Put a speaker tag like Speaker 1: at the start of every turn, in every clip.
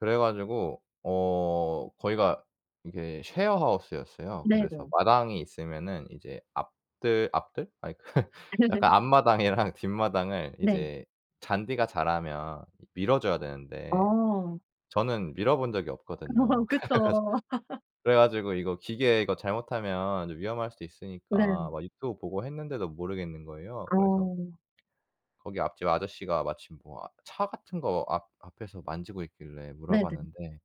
Speaker 1: 그래가지고 어, 거기가 이게 쉐어하우스였어요. 그래서
Speaker 2: 네네.
Speaker 1: 마당이 있으면은 이제 앞뜰 앞뜰? 아니, 약간 앞마당이랑 뒷마당을
Speaker 2: 네.
Speaker 1: 이제 잔디가 자라면 밀어줘야 되는데
Speaker 2: 아.
Speaker 1: 저는 밀어본 적이 없거든요. 그래가지
Speaker 2: 그쵸.
Speaker 1: 그래가지고 이거 기계 이거 잘못하면 위험할 수도 있으니까
Speaker 2: 네.
Speaker 1: 막 유튜브 보고 했는데도 모르겠는 거예요. 그래서
Speaker 2: 어.
Speaker 1: 거기 앞집 아저씨가 마침 뭐 아 차 같은 거 앞 앞에서 만지고 있길래
Speaker 2: 네네.
Speaker 1: 물어봤는데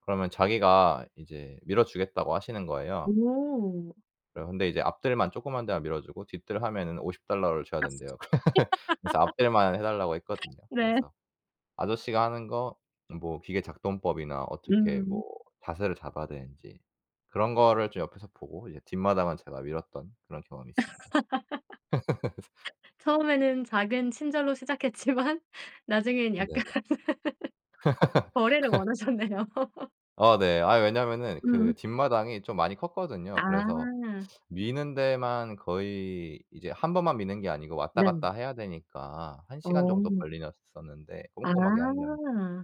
Speaker 1: 그러면 자기가 이제 밀어 주겠다고 하시는 거예요.
Speaker 2: 오.
Speaker 1: 그래서 근데 이제 앞뜰만 조그만 데만 밀어주고 뒤뜰 하면은 50 달러를 줘야 된대요.
Speaker 2: [unintelligible]
Speaker 1: 그래서 앞뜰만 해달라고 했거든요.
Speaker 2: 네.
Speaker 1: 그래서 아저씨가 하는 거, 뭐 기계 작동법이나 어떻게 뭐
Speaker 2: 음.
Speaker 1: 자세를 잡아야 되는지 그런 거를 좀 옆에서 보고 이제 뒷마당은 제가 밀었던 그런 경험이 있습니다.
Speaker 2: 처음에는 작은 친절로 시작했지만 나중엔 약간
Speaker 1: 네네.
Speaker 2: 거래를 원하셨네요.
Speaker 1: 어, 네. 아이 왜냐면은 그
Speaker 2: 음.
Speaker 1: 뒷마당이 좀 많이 컸거든요. 그래서
Speaker 2: 아.
Speaker 1: 미는 데만 거의 이제 1 번만 미는 게 아니고 왔다
Speaker 2: 네.
Speaker 1: 갔다 해야 되니까 1 시간 정도
Speaker 2: 어.
Speaker 1: 걸리셨었는데
Speaker 2: 아.
Speaker 1: 꼼꼼하게 하려면.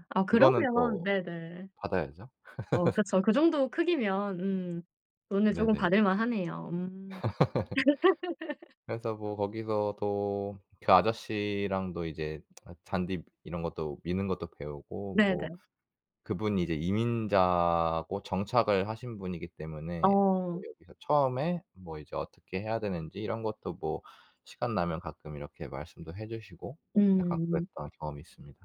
Speaker 2: 아,
Speaker 1: 그거는
Speaker 2: 그러면
Speaker 1: 또
Speaker 2: 네네.
Speaker 1: 받아야죠.
Speaker 2: 어 그쵸. 그 정도 크기면 음, 돈을 조금
Speaker 1: 네네.
Speaker 2: 받을만 하네요. 음.
Speaker 1: 그래서 뭐 거기서도 그 아저씨랑도 아, 이제 잔디 이런 것도 미는 것도 배우고, 뭐
Speaker 2: 네네.
Speaker 1: 그분이 이제 이민자고 정착을 하신 분이기 때문에 저도
Speaker 2: 어.
Speaker 1: 여기서 처음에 뭐 이제 어떻게 해야 되는지 이런 것도 뭐 시간 나면 가끔 이렇게 말씀도 해 주시고 약간
Speaker 2: 음.
Speaker 1: 그랬던 경험이 있습니다.